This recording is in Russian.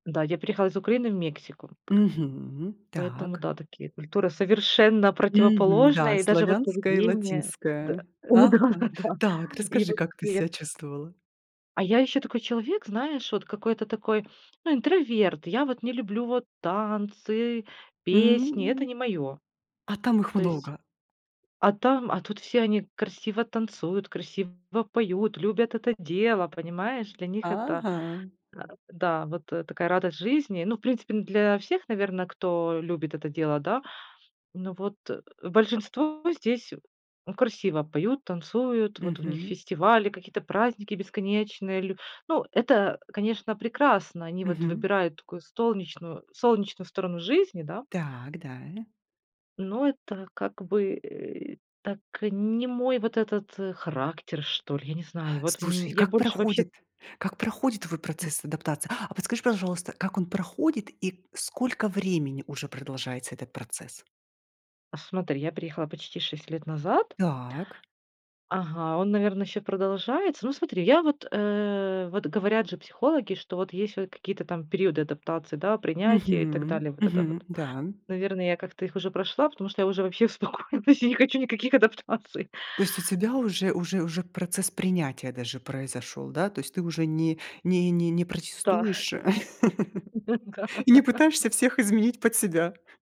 Да, я переехала из Украины в Мексику. Мгм. Поэтому, Так. да, такие культуры совершенно Мгм. Да, противоположные, и даже вот славянская и поведение. Да, латинская. Ага. да, да, Так, и расскажи, вот как ты тет себя чувствовала. А я ещё такой человек, знаешь, вот какой-то такой, ну, интроверт. Я вот не люблю вот танцы, песни. М Это не мое. а там их То есть, много. а там, а тут все они красиво танцуют, красиво поют, любят это дело. Понимаешь, для них это Ага. а, да, вот такая радость жизни. Ну, в принципе, н для всех, наверно, кто любит это дело, да. Ну, вот большинство здесь красиво поют, танцуют. Вот у них Мгм. фестивали, какие-то праздники бесконечные лю Ну, это, конечно, прекрасно. Они вот Мгм. выбирают такую столнечную солнечную сторону жизни, да. Так, даль Но это, как бы, э, так, не мой вот этот характер, что ли, я не знаю. И вот, Слушай, мь и я как больше вообще проходит? Как проходит твой процесс адаптации? А подскажи, пожалуйста, как он проходит и сколько времени уже продолжается этот процесс. Смотри, я переехала почти 6 назад. Так. Ага, он, наверно, ещё продолжается. Ну, смотри, я вот, э, вот, говорят же психологи, что вот есть вот какие-то там периоды адаптации, да, принятия и так Мгм, далее. Вот это мгм. вот, Да. наверное, я как-то их уже прошла, потому что я уже вообще успокоилась, я не хочу никаких адаптаций. То есть у тебя уже уже уже процесс принятия даже произошёл, да? То есть ты уже не не не Да. протестуешь Н-да. и не пытаешься всех изменить под себя.